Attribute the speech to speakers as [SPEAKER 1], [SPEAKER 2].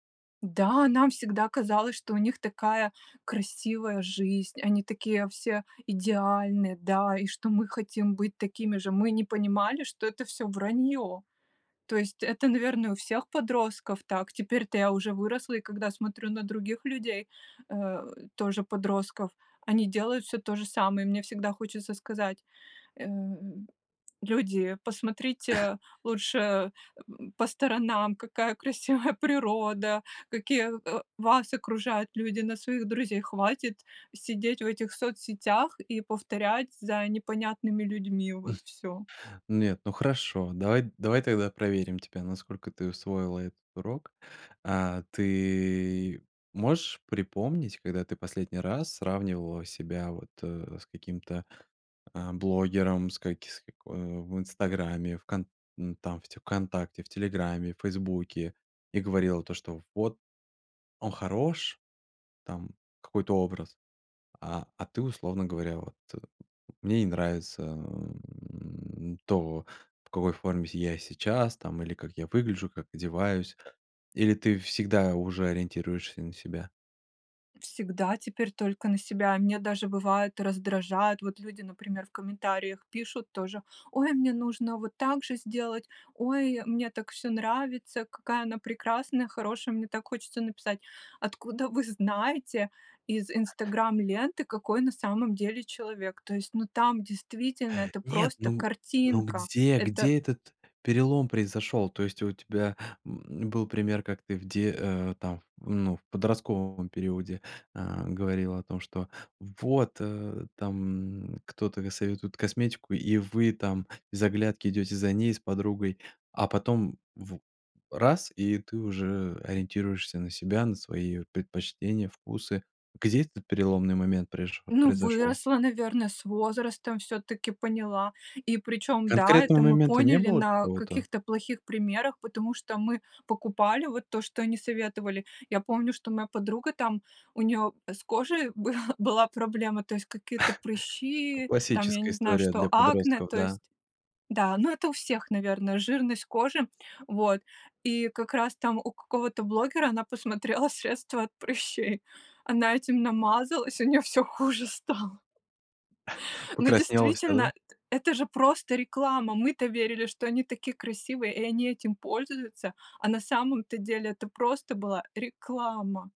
[SPEAKER 1] Да, нам всегда казалось, что у них такая красивая жизнь, они такие все идеальные, да, и что мы хотим быть такими же. Мы не понимали, что это всё враньё. То есть это, наверное, у всех подростков так. Теперь-то я уже выросла. И когда смотрю на других людей, э, тоже подростков, они делают всё то же самое. И мне всегда хочется сказать, эм: "Люди, посмотрите лучше эм м, по сторонам, какая красивая природа, какие, э, вас окружают люди, на своих друзей. Хватит сидеть в этих соцсетях и повторять за непонятными людьми вот всё".
[SPEAKER 2] Нет, ну, хорошо, давай давай тогда проверим тебя, насколько ты усвоила этот урок. А, ты можешь припомнить, когда ты последний раз сравнивала себя вот, э, с каким-то, а, блогером, с каки с како э, в "Инстаграме", в кон м, там те "Вконтакте", в "Телеграме", "Фейсбуке", и говорила то, что: "Вот он хорош". Там какой-то образ. А а ты, условно говоря, вот: "Мне не нравится, м, то, в какой форме с я сейчас там, или как я выгляжу, как одеваюсь". Или ты всегда уже ориентируешься на себя?
[SPEAKER 1] Всегда теперь только на себя. Меня даже, бывает, раздражает. Вот люди, например, в комментариях пишут тоже: "Ой, мне нужно вот так же сделать. Ой, мне так всё нравится. Какая она прекрасная, хорошая". Мне так хочется написать: "Откуда вы знаете из "Инстаграм" ленты, какой на самом деле человек?" То есть, ну, там действительно это
[SPEAKER 2] Нет,
[SPEAKER 1] просто
[SPEAKER 2] ну ну,
[SPEAKER 1] картинка.
[SPEAKER 2] где
[SPEAKER 1] Это
[SPEAKER 2] где этот перелом произошёл? То есть, а у тебя, м м, был пример, как ты где, э, там, ну, в подростковом периоде, а, говорила о том, что, вот, э, там кто-то достаёт вот косметику, и вы там без оглядки идёте за ней с подругой. А потом в раз, и ты уже ориентируешься на себя, на свои вот предпочтения, вкусы. Где этот переломный момент преш
[SPEAKER 1] Ну,
[SPEAKER 2] произошёл?
[SPEAKER 1] выросла, наверное, с возрастом всё-таки поняла. И причём да, это
[SPEAKER 2] Конкретного
[SPEAKER 1] мы
[SPEAKER 2] момента не
[SPEAKER 1] поняли
[SPEAKER 2] было
[SPEAKER 1] на
[SPEAKER 2] какого-то?
[SPEAKER 1] каких-то плохих примерах, потому что мы покупали вот то, что они советовали. Я помню, что моя подруга там, у неё с кожей был была проблема. То есть какие-то прыщи там, я
[SPEAKER 2] Классическая
[SPEAKER 1] не знаю,
[SPEAKER 2] история
[SPEAKER 1] что
[SPEAKER 2] для
[SPEAKER 1] акне,
[SPEAKER 2] подростков,
[SPEAKER 1] то
[SPEAKER 2] да.
[SPEAKER 1] есть Да, ну это у всех, наверное, жирность кожи. Вот и как раз там у какого-то блогера она посмотрела средство от прыщей. Она этим намазалась, и у неё всё хуже стало. Но
[SPEAKER 2] Покраснела вся, да?
[SPEAKER 1] действительно, это же просто реклама. Мы-то верили, что они такие красивые и они этим пользуются. А на самом-то деле это просто была реклама.